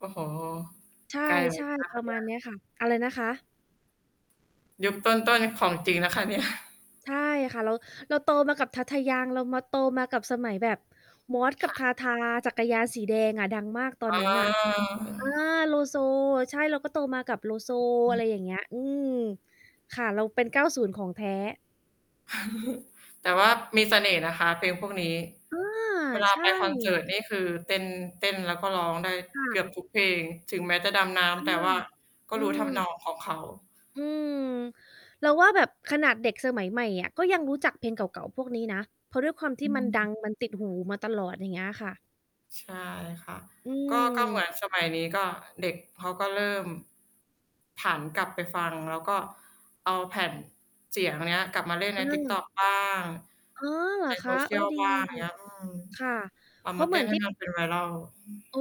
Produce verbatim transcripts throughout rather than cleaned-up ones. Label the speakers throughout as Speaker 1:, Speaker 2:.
Speaker 1: โอ้โฮ
Speaker 2: ใช
Speaker 1: ไกล เหมือ
Speaker 2: ่
Speaker 1: นกันคะ
Speaker 2: ๆ
Speaker 1: เ
Speaker 2: ประมา
Speaker 1: นี้
Speaker 2: ณ เน
Speaker 1: ย
Speaker 2: ี้ยค่ะ อะไรนะคะ?
Speaker 1: ยุคต้น ๆ ของจริงนะคะ เนี่ย
Speaker 2: ใช่ค่ะ เรา เราโตมา กับ ทาทา ยัง เรามา โตมากับสมัยแบบมอสก
Speaker 1: ค
Speaker 2: ับ
Speaker 1: ่
Speaker 2: ท
Speaker 1: ะ
Speaker 2: าทา จักรยานสีแดงอะ ดังมากตอ
Speaker 1: อ
Speaker 2: น
Speaker 1: ๋
Speaker 2: นั้นน่ะ อา
Speaker 1: อ
Speaker 2: โลโซ ใช่ เราก็โตมากับโลโซ
Speaker 1: อ
Speaker 2: อะไ
Speaker 1: ื
Speaker 2: ร
Speaker 1: ม
Speaker 2: อย่างเงี้ย อืม ค่ะ เราเป็น เก้าศูนย์ ของแท้
Speaker 1: แต่ว่ามีเสน่ห์นะคะ เพลงพวกนี้
Speaker 2: อา
Speaker 1: เวลา
Speaker 2: ใช
Speaker 1: ไ
Speaker 2: ่
Speaker 1: ปคอนเสิร์ตนี่คือเต้น เต้นแล้วก็ร้องได้
Speaker 2: ค่
Speaker 1: เ
Speaker 2: ะ
Speaker 1: กือบทุกเพลง ถึงแม้จะดำน้
Speaker 2: อา
Speaker 1: ำ แต่ว่าก็
Speaker 2: อื
Speaker 1: รู้ ทำน
Speaker 2: ม
Speaker 1: อง ของเขา
Speaker 2: อืม เราว่าแบบขนาดเด็กสมัยใหม่อะ ก็ยังรู้จักเพลงเก่า ๆ พวกนี้นะ เพราะด้วยความที
Speaker 1: อ
Speaker 2: ่มัน ด
Speaker 1: ืม
Speaker 2: ัง มันติดหูมาตลอด อย่างเงี้ยค่ะ
Speaker 1: ใช่ค่ะ
Speaker 2: อื
Speaker 1: ก็ ก็เหมือ
Speaker 2: ม
Speaker 1: นสมัยนี้ ก็ เด็กเขาก็เริ่ม ผันกลับไปฟัง แล้วก็เอาแผ่นเสียงเนี้ยกลับมาเล่นใ
Speaker 2: เ
Speaker 1: น TikTok
Speaker 2: ออ
Speaker 1: บ้าง
Speaker 2: อ๋อ เหร
Speaker 1: ใ
Speaker 2: อ
Speaker 1: น
Speaker 2: คะ? เออ
Speaker 1: Social
Speaker 2: ดี
Speaker 1: บ้าง อย่างเงี้ย อืม
Speaker 2: ค่ะ
Speaker 1: เอา
Speaker 2: เพร
Speaker 1: ม
Speaker 2: า
Speaker 1: า
Speaker 2: ะเ
Speaker 1: เ
Speaker 2: ห
Speaker 1: ต
Speaker 2: มื
Speaker 1: ้
Speaker 2: อ
Speaker 1: น
Speaker 2: น
Speaker 1: ใ
Speaker 2: ท
Speaker 1: ห้
Speaker 2: ี่
Speaker 1: มัน เป็น viral อืม
Speaker 2: อ๋อ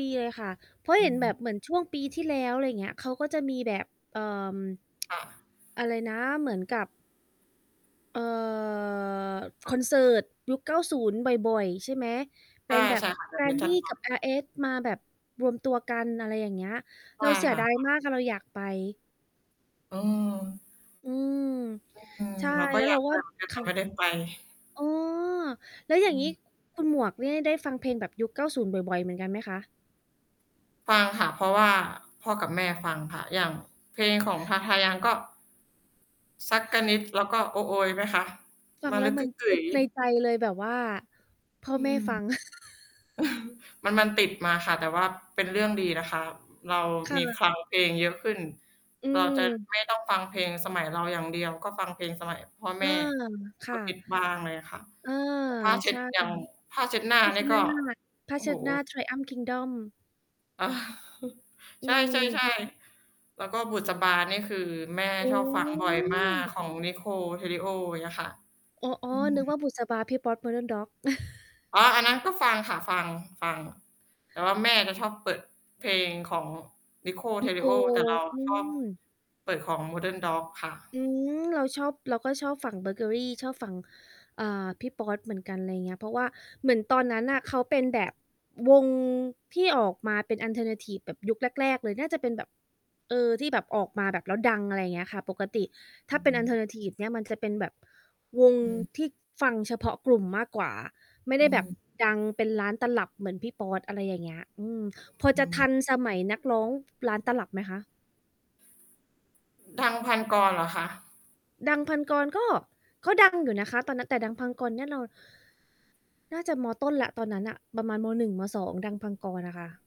Speaker 2: ดีเลยค่ะ เพราะ
Speaker 1: อื
Speaker 2: เห็นแบ
Speaker 1: ม
Speaker 2: บเหมือนช่วงปีที่แล้ว อะไรอย่างเงี้ย เขาก็จะมีแบบ เอ่อ
Speaker 1: ค่ะ
Speaker 2: อะไรนะ เหมือนกับ เอ่อ
Speaker 1: ค
Speaker 2: ค
Speaker 1: ่ะ
Speaker 2: อนเสิร์ตยุค เก้าศูนย์ บ่อย ๆ ใช่ไหม? เ
Speaker 1: ใ
Speaker 2: ป
Speaker 1: ช
Speaker 2: ็
Speaker 1: ่
Speaker 2: นแบ
Speaker 1: ใ
Speaker 2: บ
Speaker 1: ช่ ค่ะ แบ
Speaker 2: แก
Speaker 1: บ
Speaker 2: ร
Speaker 1: เนี้ย
Speaker 2: น
Speaker 1: จ
Speaker 2: ด
Speaker 1: ั
Speaker 2: ี
Speaker 1: ด
Speaker 2: ้
Speaker 1: บ่
Speaker 2: ก
Speaker 1: อ
Speaker 2: ั
Speaker 1: ย
Speaker 2: บอาร์เอส มาแบบรวมตัวกัน อะไรอย่างเงี้ย
Speaker 1: ใช
Speaker 2: เร
Speaker 1: ่
Speaker 2: าเสี
Speaker 1: ค
Speaker 2: ย
Speaker 1: ่ะ
Speaker 2: ดาย
Speaker 1: แบบ
Speaker 2: มากค่ะ เราอยากไป
Speaker 1: เออ
Speaker 2: อืม
Speaker 1: อืม
Speaker 2: ใช่
Speaker 1: เราก็
Speaker 2: แล้ว
Speaker 1: อย
Speaker 2: เร
Speaker 1: า
Speaker 2: า
Speaker 1: ก
Speaker 2: ก
Speaker 1: ไป
Speaker 2: ็
Speaker 1: เหมือนกัน
Speaker 2: ค
Speaker 1: แต่
Speaker 2: ่
Speaker 1: ไม่
Speaker 2: ะ
Speaker 1: ได้ไป
Speaker 2: อ๋อ แล้วอย่
Speaker 1: อ
Speaker 2: า
Speaker 1: ื
Speaker 2: งงี้
Speaker 1: ม
Speaker 2: คุ คุณหมวกเนี่ยได้ฟังเพลงแบบยุค เก้าศูนย์ บ่อย ๆ เหมือนกันไหมคะ?
Speaker 1: ฟังค่ะ เพราะว่าพ่อกับแม่ฟังค่ะ อย่างเพลงของ ทาทา ยัง ก็ "ซักกะนิด" แล้วก็ "โอ๊ะ โอ๊ย" ไหมคะ?
Speaker 2: ฟั
Speaker 1: "ม
Speaker 2: ง
Speaker 1: ะ
Speaker 2: แล้
Speaker 1: ลึ
Speaker 2: ว
Speaker 1: กก
Speaker 2: มั
Speaker 1: ึ
Speaker 2: น
Speaker 1: ๊กก
Speaker 2: จ
Speaker 1: ึ๋
Speaker 2: ึ๊
Speaker 1: ย
Speaker 2: ก
Speaker 1: ย
Speaker 2: ใน
Speaker 1: ์"
Speaker 2: ใจเลยแบบว่า พ่อ
Speaker 1: อื
Speaker 2: แม่
Speaker 1: ม
Speaker 2: ฟัง
Speaker 1: มัน มันติดมาค่ะ แต่ว่าเป็นเรื่องดีนะคะ เรา
Speaker 2: ค่
Speaker 1: มี
Speaker 2: ะ
Speaker 1: คลังเพลงเยอะขึ้น
Speaker 2: อื
Speaker 1: เรา จะ
Speaker 2: ม
Speaker 1: ไม่ต้อง ฟังเพลงสมัยเราอย่างเดียว ก็ฟังเพลงสมัยพ่อ
Speaker 2: เ
Speaker 1: แ
Speaker 2: ออ
Speaker 1: ม่
Speaker 2: ค
Speaker 1: ก
Speaker 2: ่
Speaker 1: ็ฮิ
Speaker 2: ะ
Speaker 1: ต บ้างเลยอะค่ะ
Speaker 2: เออ
Speaker 1: ผ้าเช
Speaker 2: ใ
Speaker 1: ็
Speaker 2: ช
Speaker 1: ด
Speaker 2: ่
Speaker 1: อย่างผ้าเช็ดหน้า
Speaker 2: ผ้า
Speaker 1: เ
Speaker 2: เ
Speaker 1: น
Speaker 2: ช
Speaker 1: ี
Speaker 2: ็
Speaker 1: ่ย
Speaker 2: ดห
Speaker 1: ก
Speaker 2: น้า
Speaker 1: ็
Speaker 2: ผ้า
Speaker 1: โอ้
Speaker 2: เช
Speaker 1: โ
Speaker 2: ็
Speaker 1: ฮ
Speaker 2: ดหน้า Triumphs Kingdom อ
Speaker 1: ใ
Speaker 2: ื
Speaker 1: ช่
Speaker 2: ม
Speaker 1: ๆ ๆ แล้วก็ "บุษบา" นี่คือแม่
Speaker 2: โอ
Speaker 1: ชอบฟังบ่อยมาก
Speaker 2: ้
Speaker 1: ของ นิโคล เทริโอ เงี้ยค่ะ
Speaker 2: อ๋อ
Speaker 1: อื
Speaker 2: ๆ
Speaker 1: ม
Speaker 2: นึกว่า "บุษบา" พี่ป๊อด Modern Dog
Speaker 1: อ๋อ อันนั้นก็ฟังค่ะ ฟัง ฟัง แต่ว่าแม่จะชอบเปิดเพลงของ นิโคล เ
Speaker 2: น
Speaker 1: ท
Speaker 2: ิ
Speaker 1: ร
Speaker 2: โ
Speaker 1: ิ
Speaker 2: คล
Speaker 1: โอ แต่เราอ
Speaker 2: อื
Speaker 1: ะชอบ
Speaker 2: ม
Speaker 1: เปิดของ Modern Dog ค่ะ
Speaker 2: อืม เราชอบ เราก็ชอบฝั่งเบอเกอรี่ ชอบฝั่ง อ่า พี่ป๊อดเหมือนกัน ไรเงี้ย เพราะว่าเหมือนตอนนั้นน่ะ เขาเป็นแบบวงที่ออกมาเป็นออลเทอร์นาทิฟแบบยุคแรก ๆ เลย น่าจะเป็นแบบ เออ ที่แบบออกมาแบบแล้วดัง อะไรอย่างเงี้ยค่ะ ปกติถ้
Speaker 1: อื
Speaker 2: าเ
Speaker 1: อ
Speaker 2: ป็
Speaker 1: ฮ
Speaker 2: นออลเท
Speaker 1: ึ
Speaker 2: อร์นาทิฟเนี่ยมันจะเป็นแบบวง
Speaker 1: อืม
Speaker 2: ที่ฟังเฉพาะกลุ่มมากกว่า ไม่
Speaker 1: อ
Speaker 2: ได
Speaker 1: ื
Speaker 2: ้แบ
Speaker 1: ม
Speaker 2: บดังเป็นล้านตลับเหมือนพี่ป๊อด อะไรอย่างเงี้ย อืม พอ
Speaker 1: อื
Speaker 2: จะท
Speaker 1: ม
Speaker 2: ันสมัยนักร้อง ล้าน ตลับไหมคะ?
Speaker 1: ดัง พันกร เหรอคะ?
Speaker 2: ดัง พันกร ก็ ก็ดังอยู่นะคะ ตอนนั้น แต่ดัง พังกร เนี่ยเรา น่าจะ ม.ต้น แล้ว ตอนนั้นน่ะ ประมาณ ม. หนึ่ง ม. สอง ดัง พังกร น่ะค่ะ